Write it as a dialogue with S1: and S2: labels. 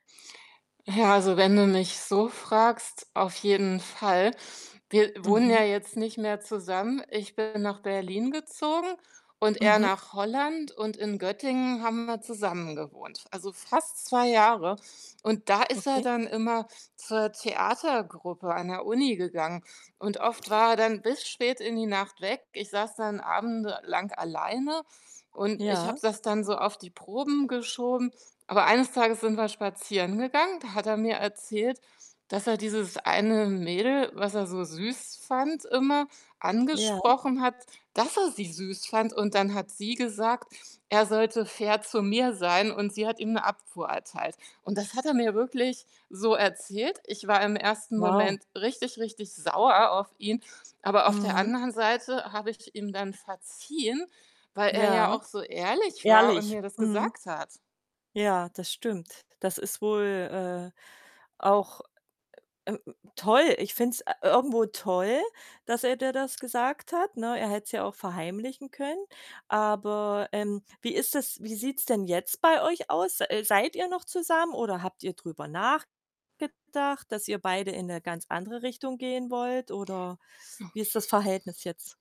S1: Ach ja, also, wenn du mich so fragst, auf jeden Fall. Wir wohnen
S2: Mhm.
S1: ja jetzt nicht mehr zusammen. Ich bin nach Berlin gezogen und er
S2: Mhm.
S1: nach Holland und in Göttingen haben wir zusammengewohnt, also fast 2 Jahre. Und da ist er
S2: Okay.
S1: dann immer zur Theatergruppe an der Uni gegangen und oft war er dann bis spät in die Nacht weg. Ich saß dann Abende lang alleine und ich habe
S2: Ja.
S1: es dann so auf die Proben geschoben, aber eines Tages sind wir spazieren gegangen, da hat er mir erzählt, dass er dieses eine Mädel, was er so süß fand immer,
S2: Ja.
S1: angesprochen hat, dass er sie süß fand. Und dann hat sie gesagt, er sollte fair zu mir sein, und sie hat ihm 'ne Abfuhr erteilt. Und das hat er mir wirklich so erzählt. Ich war im ersten
S2: Wow.
S1: Moment richtig, richtig sauer auf ihn, aber auf der
S2: Mhm.
S1: anderen Seite habe ich ihm dann verziehen, weil er
S2: Ja,
S1: ja auch so ehrlich war und
S2: ehrlich.
S1: mir das
S2: Mhm.
S1: gesagt hat.
S2: Ja, das stimmt. Das ist wohl, äh, auch, äh, ähm, toll. Ich finde es, äh, irgendwo toll, dass er dir das gesagt hat, ne? Er hätte es ja auch verheimlichen können, aber, ähm, wie ist das wie sieht's denn jetzt bei euch aus? Äh, seid ihr noch zusammen oder habt ihr drüber nachgedacht, dass ihr beide in 'ne ganz andere Richtung gehen wollt? Oder wie ist das Verhältnis jetzt?